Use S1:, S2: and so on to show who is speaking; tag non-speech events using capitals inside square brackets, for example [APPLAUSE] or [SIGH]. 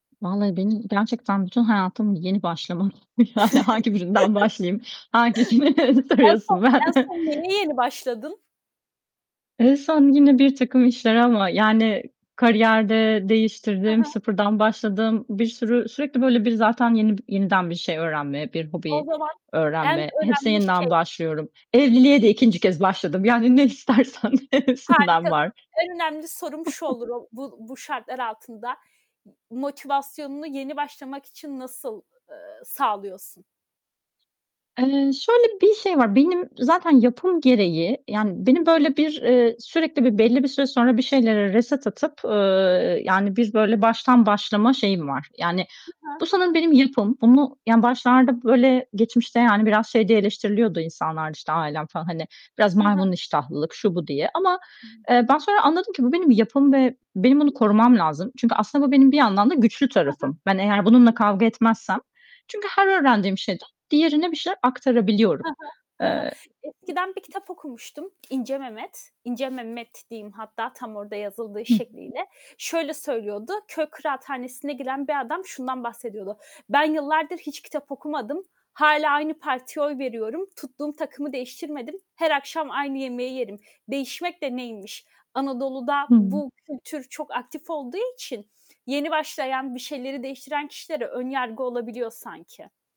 S1: Vallahi benim gerçekten bütün hayatım yeni başlama. Yani, hangi birinden başlayayım? Hangisini
S2: [CHUCKLES] En son,
S1: soruyorsun,
S2: en
S1: ben
S2: son neye yeni başladın?
S1: En son yine birtakım işler ama, yani, kariyer de
S2: Hı
S1: değiştirdim,
S2: hı.
S1: sıfırdan başladım. Bir sürü, sürekli böyle, bir, zaten yeni b yeniden bir şey öğrenme, bir
S2: O
S1: hobi
S2: zaman en
S1: öğrenme, hepsine
S2: önemli
S1: yeniden
S2: şey.
S1: başlıyorum. Evliliğe de 2'nci kez başladım, yani, ne istersen hepsinden
S2: Harikasın.
S1: var.
S2: En önemli sorum şu
S1: [CHUCKLES]
S2: olur o bu bu şartlar altında. Yi motivasyonunu yeni başlamak için nasıl, eee, sağlıyorsun?
S1: Eee, şöyle bir şey var. Benim zaten yapım gereği, yani,
S2: Hı
S1: benim
S2: hı.
S1: böyle bir, eee, sürekli bir, belli bir süre sonra bir şeylere reset atıp, ııı, yani, bir, böyle, baştan başlama şeyim var. Yani,
S2: Hı hı.
S1: bu sanırım benim yapım. Bunu, yani, başlarda, böyle, geçmişte, yani, biraz şey diye eleştiriliyordu insanlar da, işte, ailem falan, hani, biraz
S2: He
S1: maymun
S2: he.
S1: iştahlılık, şu, bu diye ama,
S2: [UNINTELLIGIBLE]
S1: eee, ben sonra anladım ki bu benim yapım ve benim bunu korumam lazım. Çünkü aslında bu benim bir yandan da güçlü
S2: He he.
S1: tarafım. Ben eğer bununla kavga etmezsem çünkü her öğrendiğim şeyden diğerine bir şeyler aktarabiliyorum,
S2: He he, he
S1: eee,
S2: he, eskiden bir kitap okumuştum, İnce Memed. İnce Memed diyeyim hatta tam orada yazıldığı
S1: Hı hı.
S2: şekliyle. Şöyle söylüyordu, köy kıraathanesi'ne giren bir adam şundan bahsediyordu. Ben yıllardır hiç kitap okumadım, hâlâ aynı partiye oy veriyorum, tuttuğum takımı değiştirmedim, her akşam aynı yemeği yerim. Değişmek de neymiş? Anadolu'da
S1: Hıı.
S2: bu kültür çok aktif olduğu için yeni başlayan, bir şeyleri değiştiren kişilere ön yargı olabiliyor sanki.